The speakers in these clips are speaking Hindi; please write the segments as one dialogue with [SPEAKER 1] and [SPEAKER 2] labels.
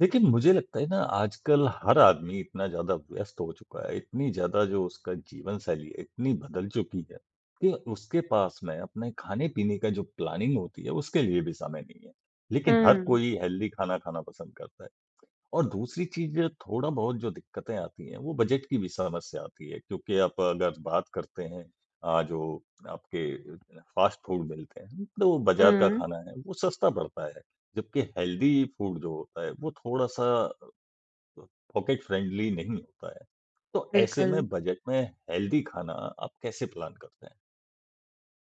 [SPEAKER 1] लेकिन मुझे लगता है ना, आजकल हर आदमी इतना ज़्यादा व्यस्त हो चुका है, इतनी ज़्यादा जो उसका जीवन शैली है, इतनी बदल चुकी है कि उसके पास में अपने खाने-पीने का जो प्लानिंग होती है, उसके लिए भी समय नहीं है। लेकिन हर
[SPEAKER 2] हुँ।
[SPEAKER 1] कोई हेल्दी खाना खाना पसंद करता है। और दूसरी चीज़, थोड़ा-बहुत जो दिक्कतें आती हैं, वो बजट की भी समस्या आती है, क्योंकि आप अगर बात करते हैं अ, जो आपके अ अ, फास्ट फ़ूड मिलते हैं, तो वो बाज़ार का
[SPEAKER 2] हुँ।
[SPEAKER 1] खाना है, वो सस्ता पड़ता है। जबकि हेल्दी फ़ूड जो होता है, वो थोड़ा-सा अ अ, पॉकेट फ्रेंडली नहीं होता है। तो ऐसे
[SPEAKER 2] बिल्कुल।
[SPEAKER 1] में, बजट में हेल्दी खाना आप कैसे प्लान करते हैं?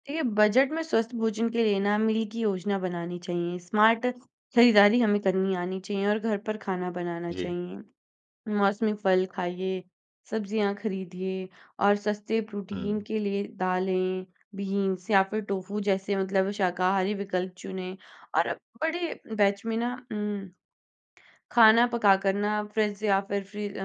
[SPEAKER 2] देखिए, बजट में स्वस्थ भोजन के लिए ना, मील की योजना बनानी चाहिए। स्मार्ट खरीदारी हमें करनी आनी चाहिए और घर पर खाना बनाना
[SPEAKER 1] जी।
[SPEAKER 2] चाहिए। मौसमी फल खाइए, सब्ज़ियाँ खरीदिए और सस्ते प्रोटीन
[SPEAKER 1] हुँ।
[SPEAKER 2] के लिए दालें, बीन्स, या फिर टोफू जैसे मतलब शाकाहारी विकल्प चुनें और अब बड़े बैच में ना उम, खाना पकाकर ना, अब फ्रिज या फिर फ्री अ,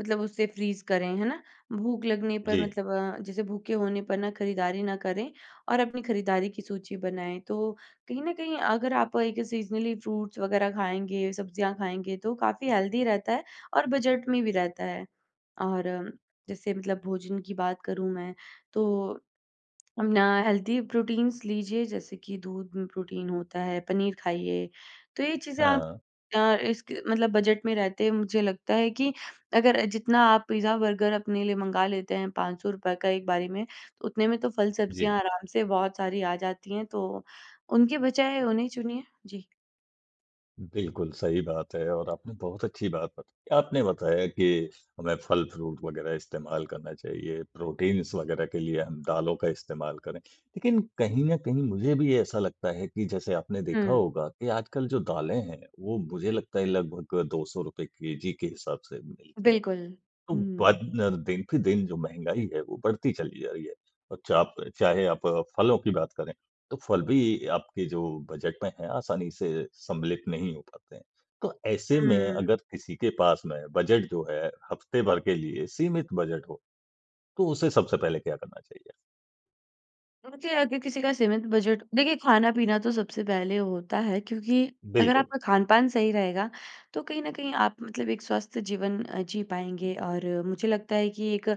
[SPEAKER 2] मतलब उसे फ्रीज़ करें। है ना? भूख लगने पर
[SPEAKER 1] जी।
[SPEAKER 2] मतलब अ, जैसे भूखे होने पर ना, खरीदारी ना करें, और अपनी खरीददारी की सूची बनाएँ। तो कहीं न कहीं, अगर आप एक सीज़नली फ्रूट्स वगैरह खाएँगे, सब्ज़ियाँ खाएँगे, तो काफ़ी हेल्दी रहता है और बजट में भी रहता है। और अम, जैसे मतलब भोजन की बात करूँ मैं, तो अम, ना हेल्दी प्रोटीन्स लीजिए, जैसे कि दूध में प्रोटीन होता है, पनीर खाइए। तो ये चीज़ें आप
[SPEAKER 1] हाँ।
[SPEAKER 2] अ, इसक मतलब बजट में रहते हुए, मुझे लगता है कि अगर अ, जितना आप पिज़्ज़ा-बर्गर अपने लिए मँगा लेते हैं, ₹500 का एक बारी में, उतने में तो फल-सब्ज़ियाँ
[SPEAKER 1] जी।
[SPEAKER 2] आराम से बहुत सारी आ जाती हैं। तो उनके बजाय, उन्हें चुनिए। जी।
[SPEAKER 1] बिल्कुल सही बात है और आपने बहुत अच्छी बात बताई। आपने बताया कि हमें फ़ल-फ़्रूट वग़ैरह इस्तेमाल करना चाहिए, प्रोटीन्स वग़ैरह के लिए हम दालों का इस्तेमाल करें। लेक़िन कहीं न कहीं मुझे भी ऐसा लगता है कि जैसे आपने देखा
[SPEAKER 2] हुँ।
[SPEAKER 1] होगा कि आजकल जो दालें हैं वो मुझे लगता है लगभग ₹200 केजी के हिसाब से मिलती हैं।
[SPEAKER 2] बिल्कुल।
[SPEAKER 1] तो बा
[SPEAKER 2] हुँ।
[SPEAKER 1] दिन पे दिन जो महँगाई है वो बढ़ती चली जा रही है, और चाप चाहे आप अ, फ़लों की बात करें तो फ़ल भी आपके जो बजट में है आसानी से सम्मिलित नहीं हो पाते हैं। तो ऐसे में
[SPEAKER 2] हुँ।
[SPEAKER 1] अगर किसी के पास में बजट जो है हफ़्ते भर के लिए सीमित बजट हो, तो उसे सबसे पहले क्या करना चाहिए?
[SPEAKER 2] मुझे अगर किसी का सीमित बजट देखिए ख़ाना-पीना तो सबसे पहले होता है क्योंकि अगर
[SPEAKER 1] बिल्कुल।
[SPEAKER 2] आपका ख़ान-पान सही रहेगा तो कहीं न कहीं आप मतलब एक स्वस्थ जीवन अ, जी पाएँगे। और अ, मुझे लगता है कि एक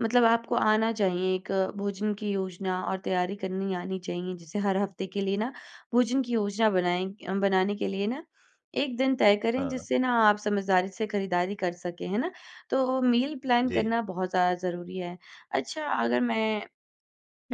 [SPEAKER 2] मतलब आपको आना चाहिए एक भोजन की योजना और तैयारी करनी आनी चाहिए, जैसे हर हफ़्ते के लिए ना भोजन की योजना बनाएँ अ, बनाने के लिए ना 1 दिन तय करें
[SPEAKER 1] हाँ।
[SPEAKER 2] जिससे ना आप समझदारी से ख़रीददारी कर सकें, हैं ना? तो मील प्लान
[SPEAKER 1] जी।
[SPEAKER 2] करना बहुत ज़्यादा ज़रूरी है। अच्छा, अगर मैं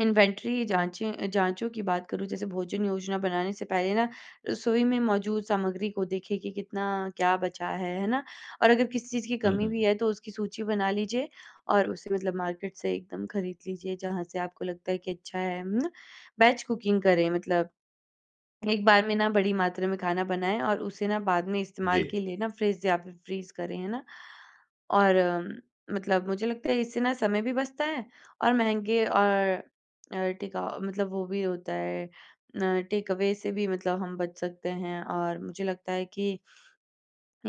[SPEAKER 2] इन्वेंट्री जाँचें अ, जाँचों की बात करूँ जैसे भोजन योजना बनाने से पहले ना रसोई में मौजूद सामग्री को देखिए कि कितना क्या बचा है, है ना? और अगर किसी चीज़ की
[SPEAKER 1] हुँ,
[SPEAKER 2] कमी भी
[SPEAKER 1] हुँ।
[SPEAKER 2] है तो उसकी सूची बना लीजिए और उसे मतलब मार्केट से एकदम ख़रीद लीजिए जहाँ से आपको लगता है कि अच्छा है म ना। बैच कुकिंग करें मतलब एक बार में ना बड़ी मात्रा में ख़ाना बनाएँ और उसे ना बाद में इस्तेमाल
[SPEAKER 1] जी।
[SPEAKER 2] के लिए ना फ़्रिज या फ़िर फ़्रीज़ करें, है ना। और मतलब मुझे लगता है इससे ना समय भी बचता है और महँगे और अ, टेकअ मतलब वो भी होता है अ, टेकअवे से भी मतलब हम बच सकते हैं। और मुझे लगता है कि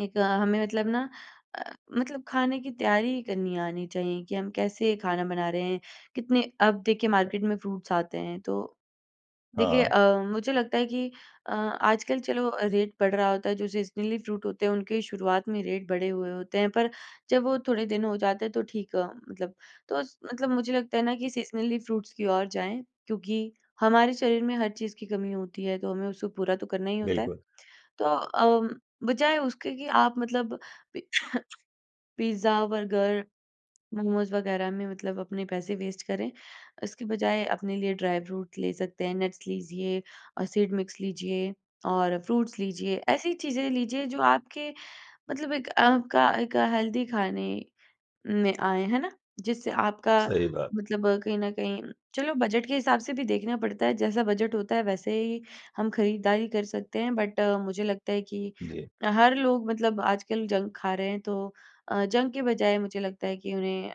[SPEAKER 2] एक अ, हमें मतलब ना अ, मतलब ख़ाने की तैयारी करनी आनी चाहिए कि हम कैसे ख़ाना बना रहे हैं कितने अब देखिए मार्केट में फ़्रूट्स आते हैं तो देखिए अ,
[SPEAKER 1] हाँ।
[SPEAKER 2] मुझे लगता है कि अ, आजकल चलो रेट बढ़ रहा होता है जो सीज़नली फ़्रूट होते हैं उनके शुरुआत में रेट बढ़े हुए होते हैं पर जब वो थोड़े दिन हो जाते हैं तो ठीक अ, मतलब। तो मतलब मुझे लगता है ना कि सीज़नली फ़्रूट्स की ओर जाएँ क्योंकि हमारे शरीर में हर चीज़ की कमी होती है तो हमें उसको पूरा तो करना ही होता है।
[SPEAKER 1] बिल्कुल।
[SPEAKER 2] तो अ, बजाए उसके कि आप मतलब पि पिज़्ज़ा, बर्गर, मोमोज़ वग़ैरह में मतलब अपने पैसे वेस्ट करें इसके बजाए अपने लिए ड्राई फ़्रूट ले सकते हैं, नट्स लीजिए अ, सीड़ मिक्स लीजिए और फ़्रूट्स लीजिए, ऐसी चीज़ें लीजिए जो आपके मतलब एक आपका एक हेल्दी ख़ाने में आए है ना। जिससे आपका
[SPEAKER 1] सही बात।
[SPEAKER 2] मतलब कहीं न कहीं चलो बजट के हिसाब से भी देखना पड़ता है जैसा बजट होता है वैसे ही हम ख़रीददारी कर सकते हैं। बट अ, मुझे लगता है कि
[SPEAKER 1] जी।
[SPEAKER 2] हर लोग मतलब आजकल जंक ख़ा रहे हैं तो अ, जंक के बजाय मुझे लगता है कि उन्हें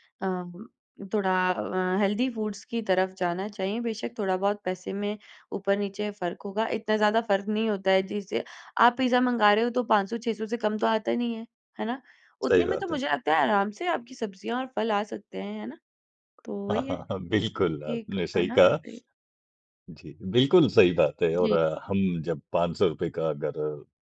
[SPEAKER 2] म अ, थोड़ा अ, हेल्दी फूडस की तरफ़ जाना चाहिए। बेशक थोड़ा-बहुत पैसे में ऊपर नीचे फ़र्क होगा इतना ज़्यादा फ़र्क नहीं होता है जिससे आप पिज़्ज़ा मंगा रहे हो तो 500-600 से कम तो आता नहीं है, है ना?
[SPEAKER 1] सही
[SPEAKER 2] उतने में तो
[SPEAKER 1] बात है।
[SPEAKER 2] मुझे लगता है आराम से आपकी सब्जियाँ और फ़ल आ सकते हैं, है ना? तो
[SPEAKER 1] हाँ,
[SPEAKER 2] वही है
[SPEAKER 1] हाँ, हाँ बिल्कुल
[SPEAKER 2] कि एक
[SPEAKER 1] आपने
[SPEAKER 2] है
[SPEAKER 1] सही
[SPEAKER 2] ना?
[SPEAKER 1] कहा।
[SPEAKER 2] वही।
[SPEAKER 1] जी, बिल्कुल सही बात है और
[SPEAKER 2] जी।
[SPEAKER 1] अ, हम जब ₹500 रुपये का अगर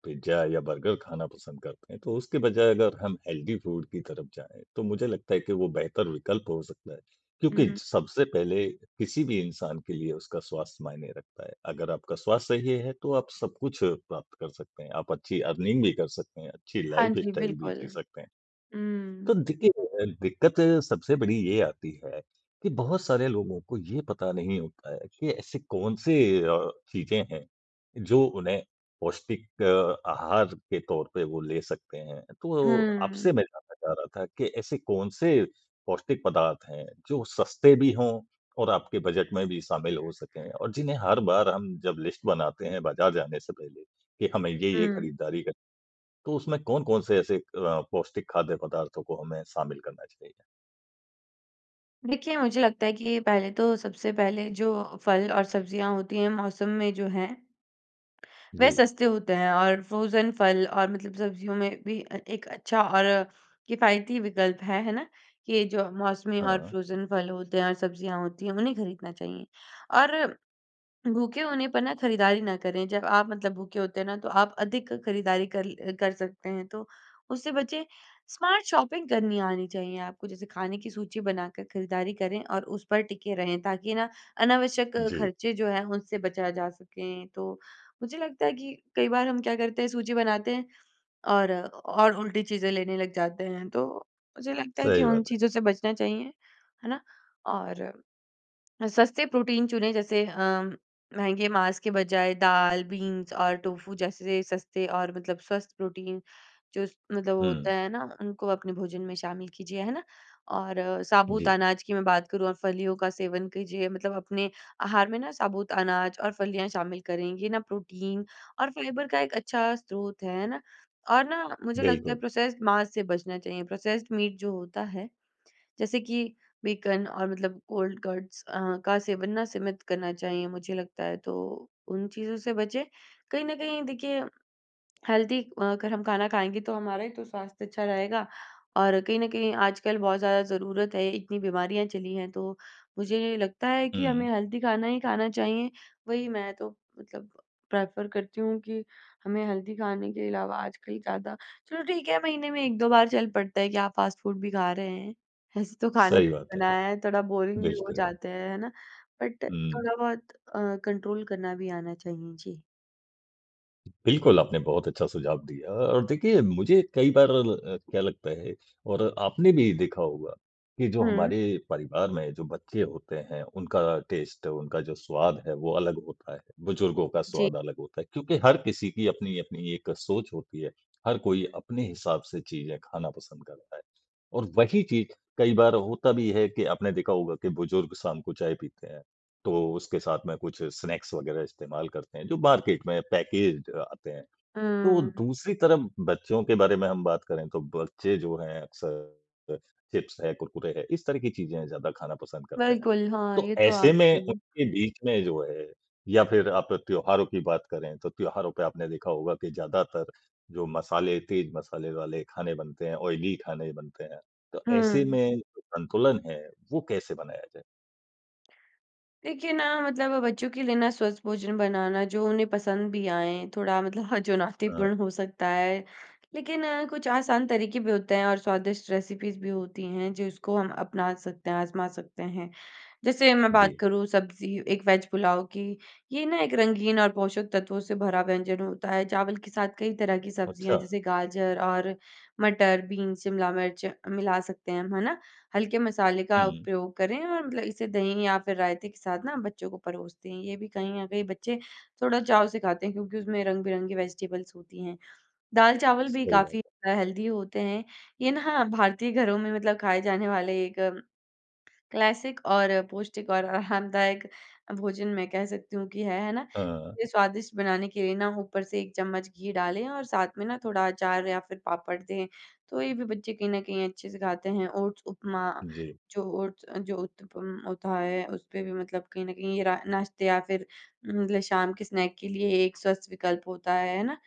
[SPEAKER 1] पिज़्ज़ा या बर्गर ख़ाना पसंद करते हैं तो उसके बजाय अगर हम हेल्दी फूड की तरफ़ जाएँ तो मुझे लगता है कि वह बेहतर विकल्प हो सकता है। क्योंकि
[SPEAKER 2] हुँ।
[SPEAKER 1] सबसे पहले किसी-भी इंसान के लिए उसका स्वास्थ्य मायने रखता है, अगर आपका स्वास्थ्य सही है तो आप सब कुछ अ, प्राप्त कर सकते हैं, आप अच्छी अर्निंग भी कर सकते हैं, अच्छी
[SPEAKER 2] हाँ जी,
[SPEAKER 1] लाइफ़स्टाइल भी
[SPEAKER 2] बिल्कुल।
[SPEAKER 1] जी सकते हैं। तो
[SPEAKER 2] हुँ।
[SPEAKER 1] देखिए जो है दिक़्क़त सबसे बड़ी ये आती है कि बहुत सारे लोगों को ये पता नहीं होता है कि ऐसे कौन-से अ, चीज़ें हैं जो उन्हें पौष्टिक अ, आहार के तौर पे वो ले सकते हैं। तो आपसे
[SPEAKER 2] हुँ।
[SPEAKER 1] मैं जानना चाह रहा था कि ऐसे कौन-से पौष्टिक पदार्थ हैं जो सस्ते भी हों और आपके बजट में भी शामिल हो सकें, और जिन्हें हर बार हम जब लिस्ट बनाते हैं बाज़ार जाने से पहले कि हमें ये-ये
[SPEAKER 2] हुँ।
[SPEAKER 1] ख़रीदारी कर तो उसमें कौन-कौन से ऐसे अ, पौष्टिक खाद्य पदार्थों को हमें शामिल करना चाहिए?
[SPEAKER 2] देखिए, मुझे लगता है कि पहले तो सबसे पहले जो फल और सब्जियाँ होती हैं, मौसम में जो हैं वह
[SPEAKER 1] जी।
[SPEAKER 2] सस्ते होते हैं और फ्रोजन फल और मतलब सब्जियों में भी अ, एक अच्छा और किफायती विकल्प है, है ना? कि जो मौसमी और
[SPEAKER 1] हाँ।
[SPEAKER 2] फ्रोजन फल होते हैं और सब्जियाँ होती हैं, उन्हें खरीदना चाहिए। और भूखे होने पर ना खरीदारी ना करें, जब आप मतलब भूखे होते हैं ना तो आप अधिक खरीदारी कल अ, कर सकते हैं, तो उससे बचें। स्मार्ट शॉपिंग करनी आनी चाहिए आपको जैसे खाने की सूची बनाकर खरीदारी करें और उस पर टिके रहें, ताकि ना अनावश्यक
[SPEAKER 1] जी।
[SPEAKER 2] खर्चे जो हैं, उनसे बचा जा सकें। तो, मुझे लगता है कि कई बार हम क्या करते हैं सूची बनाते हैं और और उल्टी चीज़ें लेने लग जाते हैं, तो मुझे लगता है कि
[SPEAKER 1] सही
[SPEAKER 2] उन
[SPEAKER 1] बात है।
[SPEAKER 2] चीज़ों से बचना चाहिए, है ना? और अ, सस्ते प्रोटीन चुने जैसे अ, महँगे माँस के बजाय दाल, बीन्स और टोफू जैसे सस्ते और मतलब स्वस्थ प्रोटीन जो मतलब वो
[SPEAKER 1] हुँ।
[SPEAKER 2] होता है ना, उनको अपने भोजन में शामिल कीजिए, है ना? और साबूत
[SPEAKER 1] जी।
[SPEAKER 2] अनाज की मैं बात करूँ और फलियों का सेवन कीजिए मतलब अपने आहार में ना साबूत अनाज और फलियाँ शामिल करें, ये ना प्रोटीन और फाइबर का एक अच्छा स्रोत है, है ना? और ना मुझे लगता है
[SPEAKER 1] बिल्कुल।
[SPEAKER 2] प्रोसेस्ड माँस से बचना चाहिए, प्रोसेस्ड मीट जो होता है। जैसे कि बेकन और मतलब कोल्ड कट्स अ, का सेवन ना सीमित करना चाहिए मुझे लगता है, तो उन चीज़ों से बचें। कहीं न कहीं देखिए, हेल्दी अगर हम खाना खाएँगे तो हमारा ही तो स्वास्थ्य अच्छा रहेगा और कहीं न कहीं आजकल बहुत ज़्यादा ज़रूरत है, इतनी बीमारियाँ चली हैं, तो मुझे नहीं लगता है कि हमें
[SPEAKER 1] हुँ।
[SPEAKER 2] हेल्दी खाना ही खाना चाहिए। वही मैं तो मतलब प्रेफर करती हूँ कि हमें हेल्दी खाने के अलावा आजकल ज़्यादा चलो ठीक है, महीने में 1-2 बार चल पड़ता है कि आप फास्ट फूड भी खा रहे हैं। ऐसे तो खाने
[SPEAKER 1] सही
[SPEAKER 2] के
[SPEAKER 1] बात
[SPEAKER 2] ही
[SPEAKER 1] है।
[SPEAKER 2] बनाया है, थोड़ा बोरिंग भी हो
[SPEAKER 1] बिल्कुल।
[SPEAKER 2] जाते हैं, है ना? बट
[SPEAKER 1] हुँ।
[SPEAKER 2] थोड़ा-बहुत अ, कंट्रोल करना भी आना चाहिए। जी।
[SPEAKER 1] बिल्कुल, आपने बहुत अच्छा सुझाव दिया और देखिए मुझे कई बार अ, ल क्या लगता है और आपने भी देखा होगा कि जो
[SPEAKER 2] हुँ।
[SPEAKER 1] हमारे परिवार में जो बच्चे होते हैं उनका टेस्ट उनका जो स्वाद है वो अलग होता है, बुजुर्गों का
[SPEAKER 2] जी।
[SPEAKER 1] स्वाद अलग होता है। क्योंकि हर किसी की अपनी-अपनी एक सोच होती है। हर कोई अपने हिसाब से चीज़ें खाना पसंद करता है। और वही चीज़ कई बार होता भी है कि आपने देखा होगा कि बुजुर्ग शाम को चाय पीते हैं। तो उसके साथ में कुछ स्नैक्स वगैरह इस्तेमाल करते हैं जो मार्केट में पैकेज्ड आते हैं। तो
[SPEAKER 2] हुँ।
[SPEAKER 1] दूसरी तरफ बच्चों के बारे में हम बात करें तो बच्चे जो हैं अक्सर चिप्स है, कुरकुरे हैं। इस तरह की चीज़ें ज़्यादा खाना पसंद करते हैं।
[SPEAKER 2] बिल्कुल, हाँ,
[SPEAKER 1] तो
[SPEAKER 2] ये तो
[SPEAKER 1] ऐसे
[SPEAKER 2] आस
[SPEAKER 1] में
[SPEAKER 2] नहीं।
[SPEAKER 1] उनके बीच में जो है या फिर आप त्योहारों की बात करें तो त्योहारों पे आपने देखा होगा कि ज्यादातर जो मसाले तेज़ मसाले वाले खाने बनते हैं, ऑयली खाने बनते हैं। तो ऐसे
[SPEAKER 2] हुँ।
[SPEAKER 1] में संतुलन है वो कैसे बनाया जाए?
[SPEAKER 2] देखिए ना मतलब बच्चों के लिए ना स्वस्थ भोजन बनाना जो उन्हें पसंद भी आए थोड़ा मतलब
[SPEAKER 1] हाँ।
[SPEAKER 2] चुनौतीपूर्ण हो सकता है। लेकिन कुछ आसान तरीके भी होते हैं और स्वादिष्ट रेसिपीज़ भी होती हैं जिसको हम अपना सकते हैं आज़मा सकते हैं। जैसे मैं बात
[SPEAKER 1] जी।
[SPEAKER 2] करूँ सब्ज़ी एक वेज पुलाव की ये ना एक रंगीन और पोषक तत्वों से भरा व्यंजन होता है चावल के साथ कई तरह की सब्ज़ियाँ
[SPEAKER 1] अच्छा।
[SPEAKER 2] जैसे गाजर और मटर, बीन्स, शिमला मिर्च मिला सकते हैं हम, है ना? हल्के मसाले
[SPEAKER 1] हुँ,
[SPEAKER 2] का
[SPEAKER 1] हुँ।
[SPEAKER 2] उपयोग करें और मतलब इसे दही या फिर रायते के साथ ना बच्चों को परोसते हैं। ये भी कहीं न कहीं बच्चे थोड़ा चाव से खाते हैं क्योंकि उसमें रंग-बिरंगी वेजिटेबल्स होती हैं। दाल-चावल भी
[SPEAKER 1] सही बात
[SPEAKER 2] काफ़ी
[SPEAKER 1] है।
[SPEAKER 2] हेल्दी होते हैं ये ना भारतीय घरों में मतलब खाए जाने वाले एक क्लासिक और पौष्टिक और आरामदायक भोजन मैं कह सकती हूँ कि है, है ना?
[SPEAKER 1] हाँ।
[SPEAKER 2] ये स्वादिष्ट बनाने के लिए ना ऊपर से एक चम्मच घी डालें और साथ में ना थोड़ा अचार या फिर पापड़ दें, तो ये भी बच्चे कहीं न कहीं अच्छे से खाते हैं। ओट्स उपमा,
[SPEAKER 1] जी।
[SPEAKER 2] जो ओट्स जो उत्तपम होता है उस पर भी मतलब कहीं न कहीं ये रा नाश्ते या फिर मतलब शाम के स्नैक के लिए एक स्वस्थ विकल्प होता है, है ना?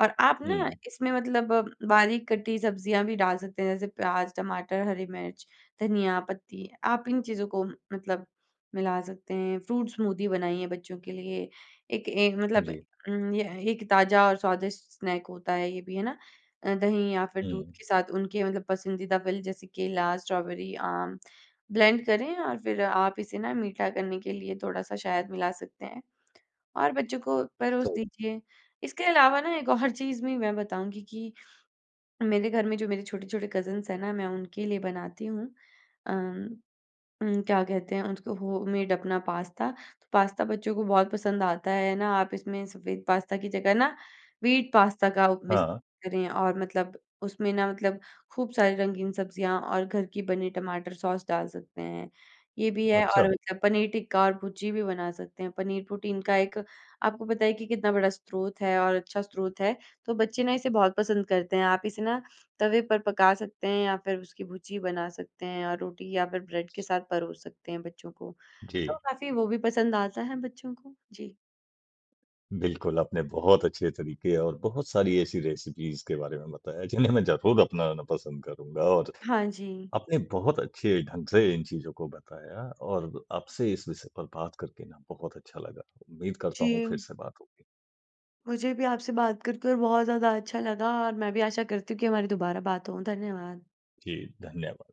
[SPEAKER 2] और आप ना
[SPEAKER 1] हुँ।
[SPEAKER 2] इसमें मतलब बारीक कटी सब्जियाँ भी डाल सकते हैं जैसे प्याज, टमाटर, हरी मिर्च, धनिया पत्ती, आप इन चीज़ों को मतलब मिला सकते हैं। फ्रूट स्मूदी बनाइए बच्चों के लिए, एक एक मतलब
[SPEAKER 1] जी।
[SPEAKER 2] उम, यह एक ताज़ा और स्वादिष्ट स्नैक होता है ये भी है ना। दही या फिर दूध
[SPEAKER 1] हुँ।
[SPEAKER 2] के साथ उनके मतलब पसंदीदा फल जैसे केला, स्ट्रॉबेरी, आम ब्लेंड करें और फिर आप इसे ना मीठा करने के लिए थोड़ा-सा शहद मिला सकते हैं, और बच्चों को परोस
[SPEAKER 1] सही।
[SPEAKER 2] दीजिए। इसके अलावा ना एक और चीज़ भी मैं बताऊँगी कि मेरे घर में जो मेरे छोटे-छोटे कज़िन्स हैं ना मैं उनके लिए बनाती हूँ अम, उम, क्या कहते हैं उनको? होममेड अपना पास्ता, पास्ता बच्चों को बहुत पसंद आता है, है ना? आप इसमें सफेद पास्ता की जगह ना व्हीट पास्ता का उप मिक्स
[SPEAKER 1] हाँ, हाँ।
[SPEAKER 2] करें और मतलब उसमें ना मतलब खूब सारी रंगीन सब्जियाँ और घर की बनी टमाटर सॉस डाल सकते हैं। ये भी है और
[SPEAKER 1] अच्छा।
[SPEAKER 2] मतलब पनीर टिक्का और भुर्जी भी बना सकते हैं, पनीर प्रोटीन का एक आपको पता है कि कितना बड़ा स्रोत है और अच्छा स्रोत है, तो बच्चे ना इसे बहुत पसंद करते हैं। आप इसे ना तवे पर पका सकते हैं या फिर उसकी भुर्जी बना सकते हैं और रोटी या फिर ब्रेड के साथ परोस सकते हैं बच्चों को। तो
[SPEAKER 1] जी।
[SPEAKER 2] काफ़ी वो भी पसंद आता है बच्चों को, जी।
[SPEAKER 1] बिल्कुल, आपने बहुत अच्छे तरीके और बहुत सारी ऐसी रेसिपीज़ के बारे में बताया जिन्हें मैं ज़रूर अपनाना पसंद करूँगा और
[SPEAKER 2] हाँ जी।
[SPEAKER 1] आपने बहुत अच्छे ढंग से इन चीज़ों को बताया और आपसे इस विषय पर बात करके ना बहुत अच्छा लगा। उम्मीद करता हूँ फिर
[SPEAKER 2] जी।
[SPEAKER 1] से बात होगी।
[SPEAKER 2] मुझे भी आपसे बात कर-कर बहुत ज़्यादा अच्छा लगा और मैं भी आशा करती हूँ कि हमारी दोबारा बात हो, धन्यवाद।
[SPEAKER 1] जी, धन्यवाद।